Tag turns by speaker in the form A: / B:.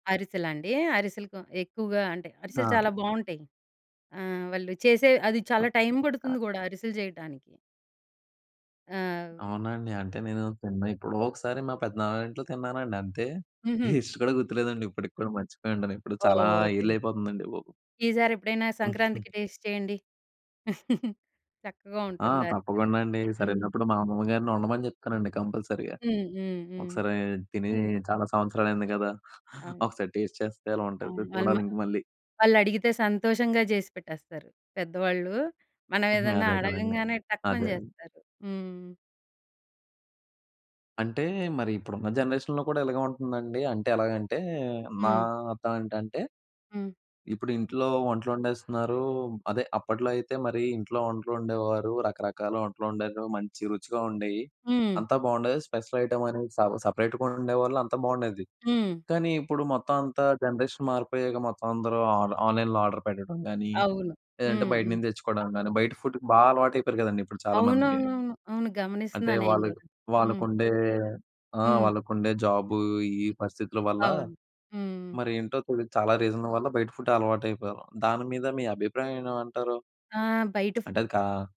A: అరిసలండి? అరిసెలు‌కు ఎక్కువగా అంటే అరిసెలు
B: ఆ!
A: చాలా బావుంటాయి. ఆహ్, వాళ్ళు చేసే అది
B: ఆ!
A: చాలా టైం పడుతుంది
B: ఆ!
A: గూడా అరిసెలు చేయటనికి. ఆ!
B: అవునాండి! అంటే నేను తిన్న ఏప్పుడోకసారి మా పెద్దనాన్న ఇంట్లో తిన్నానండి. అంతే
A: హుహు.
B: టేస్ట్ కూడా గుర్తులేదండి ఇప్పటికి కూడా మర్చిపోయుంటాను ఇప్పుడు చాలా
A: ఓహ్! ఓకే.
B: ఏళ్ళు అయిపోతుందండి బాబు.
A: ఈసరేప్పుడైనా సంక్రాంతికి టేస్ట్ చేయండి. చక్కగా
B: ఆ!
A: ఉంటుంది అరిసెలు.
B: తప్పకుండా అండి
A: హ్మ్.
B: ఇసరేలినప్పుడు మా అమ్మమ్మ గారిని వండమని జెప్తానండి కంపల్సరీగా.
A: హ్మ్. హ్మ్. హ్మ్.
B: ఒకసారి తిని చాలా సంవత్సరాలయింది కదా!
A: అవును.
B: ఒకసారి టేస్ట్ చేస్తే ఎలా ఉంటదో
A: అవును. వాళ్ళు‌ మ
B: చూడాలింక మళ్ళీ.
A: వాళ్ళడిగితే సంతోషంగా జేసి పెట్టేస్తారు. పెద్దవాళ్ళు మనం
B: హ్మ్.
A: ఏదన్నా
B: అదే కదండీ!
A: అడగంగానే టక్కుమని
B: అదే. అదే.
A: జేస్తారు. హ్మ్.
B: అంటే మరి ఇప్పుడున్న జనరేషన్‌లో కూడా ఇలాగే ఉంటుందండి? అంటే ఎలాగంటే, నా
A: హ్మ్.
B: అర్థం ఏంటంటే
A: హ్మ్.
B: ఇప్పుడు ఇంట్లో వంటలోండేస్తున్నారు అదే అప్పట్లో అయితే మరి ఇంట్లో వంటలోండేవారు, రకరకాల వంటలోండేరు మంచి రుచిగా ఉండేయి.
A: హ్మ్.
B: అంతా బావుండేది స్పెషల్ ఐటెమ్ అనేది స సపరేట్‌గా వండేవాళ్ళు అంతా బావుండేది.
A: హ్మ్.
B: కానీ ఇప్పుడు మొత్తం అంతా జనరేషన్ మారిపోయాక మొత్తం అందరూ ఆన్ -ఆన్‌లైన్‌లో ఆర్డర్ పెట్టడం గానీ,
A: అవును.
B: లేదంటే
A: హ్మ్. హ్మ్.
B: బయటనించి తెచ్చుకోవడం గానీ బయట ఫుడ్‌కు బా అలవాటయిపోయారు కదండీ! ఇప్పుడు చాలామంది.
A: అవునవునవును. అవును
B: అంటే
A: గమనిస్తున్నా నేను
B: వాళ్ళ
A: గుడా. హ్మ్.
B: వాళ్ళకుండే ఆహ్,
A: హ్మ్.
B: వాళ్ళకుండే ఆ! జాబు ఈ పరిస్థితుల వల్ల
A: అవును. హ్మ్, హ్మ్.
B: మరి ఏంటో తెలీదు చాలా రీజన్‌ వల్ల బయట ఫుడ్ అలవాటు అయిపోయారు. దాని మీద మీ అభిప్రాయం ఏన్‌మంటారు?
A: ఆహ్! బయట ఫూ
B: అంటే అది కా